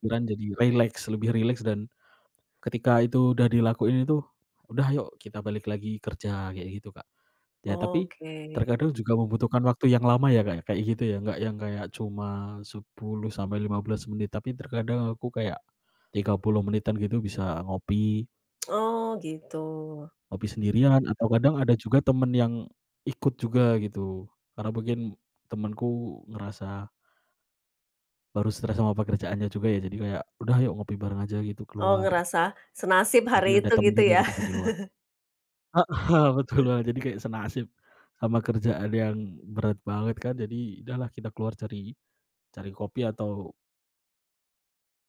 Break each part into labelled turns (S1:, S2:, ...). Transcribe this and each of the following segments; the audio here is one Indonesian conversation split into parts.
S1: Pikiran jadi rileks, lebih rileks, dan ketika itu udah dilakuin itu, "Udah ayok kita balik lagi kerja," kayak gitu, Kak. Ya tapi
S2: Oke.
S1: terkadang juga membutuhkan waktu yang lama ya, Kak, ya, kayak gitu ya. Nggak yang kayak cuma 10-15 menit, tapi terkadang aku kayak 30 menitan gitu bisa ngopi.
S2: Oh, gitu.
S1: Ngopi sendirian atau kadang ada juga temen yang ikut juga gitu. Karena mungkin temenku ngerasa baru stres sama pekerjaannya juga ya jadi kayak, "Udah ayok ngopi bareng aja gitu,
S2: Oh,
S1: keluar."
S2: ngerasa senasib
S1: Jadi
S2: hari
S1: ada
S2: itu
S1: temen
S2: gitu
S1: juga
S2: ya.
S1: ketika di luar. Heeh, betul
S2: Heeh.
S1: Wah, jadi kayak senasib sama kerjaan yang berat banget kan. Jadi, udahlah kita keluar cari cari kopi atau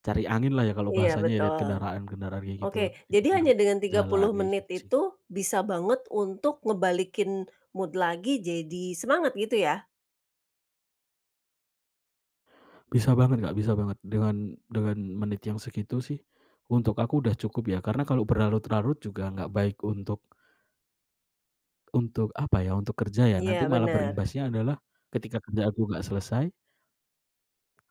S1: cari anginlah ya kalau
S2: Iya,
S1: bahasanya ya lihat
S2: betul.
S1: kendaraan-kendaraan kayak gitu
S2: Oke, jadi
S1: dipinggir
S2: hanya dengan tiga
S1: jalan,
S2: puluh
S1: kayak
S2: menit
S1: gitu sih, Kak.
S2: itu bisa banget untuk ngebalikin mood lagi jadi semangat gitu ya?
S1: Bisa banget, Kak, bisa banget. Dengan dengan menit yang segitu sih untuk aku udah cukup ya. Karena kalau berlarut-larut juga nggak baik untuk Untuk apa ya, untuk kerja ya. Nanti
S2: Iya,
S1: malah
S2: benar.
S1: berimbasnya adalah ketika kerja aku nggak selesai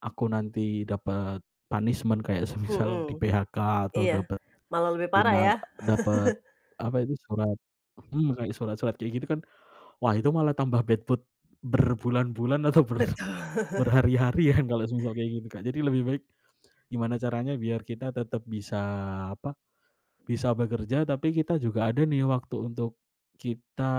S1: Aku nanti dapet punishment kayak semisal
S2: Mhm.
S1: di-PHK atau
S2: Iya,
S1: dapet
S2: malah lebih parah ya.
S1: final dapet apa itu surat hmm. Kayak surat-surat kayak gitu kan, wah, itu malah tambah bad mood berbulan-bulan atau ber
S2: Betul.
S1: berhari-hari ya, kalau semisal kayak gitu, Kak. Jadi lebih baik gimana caranya biar kita tetap bisa apa, bisa bekerja tapi kita juga ada nih waktu untuk kita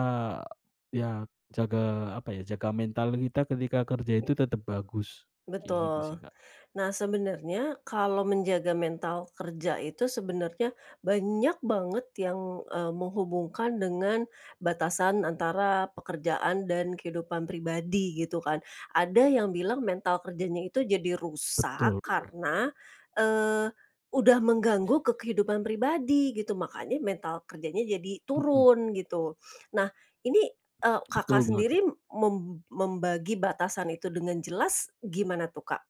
S1: iya, jaga apa ya, jaga mental kita ketika kerja itu tetap bagus, kayak gitu sih,
S2: Betul.
S1: Kak.
S2: Nah, sebenernya kalau menjaga mental kerja itu sebenernya banyak banget yang, eee, menghubungkan dengan batasan antara pekerjaan dan kehidupan pribadi gitu kan. Ada yang bilang, mental kerjanya itu jadi
S1: Betul
S2: rusak
S1: betul.
S2: karena, eee, udah mengganggu ke kehidupan pribadi gitu, makanya mental kerjanya jadi
S1: Mmm.
S2: turun, gitu. Nah, ini, eee, Kakak
S1: Betul banget, Kak.
S2: sendiri, mem membagi batasan itu dengan jelas gimana tuh, Kak?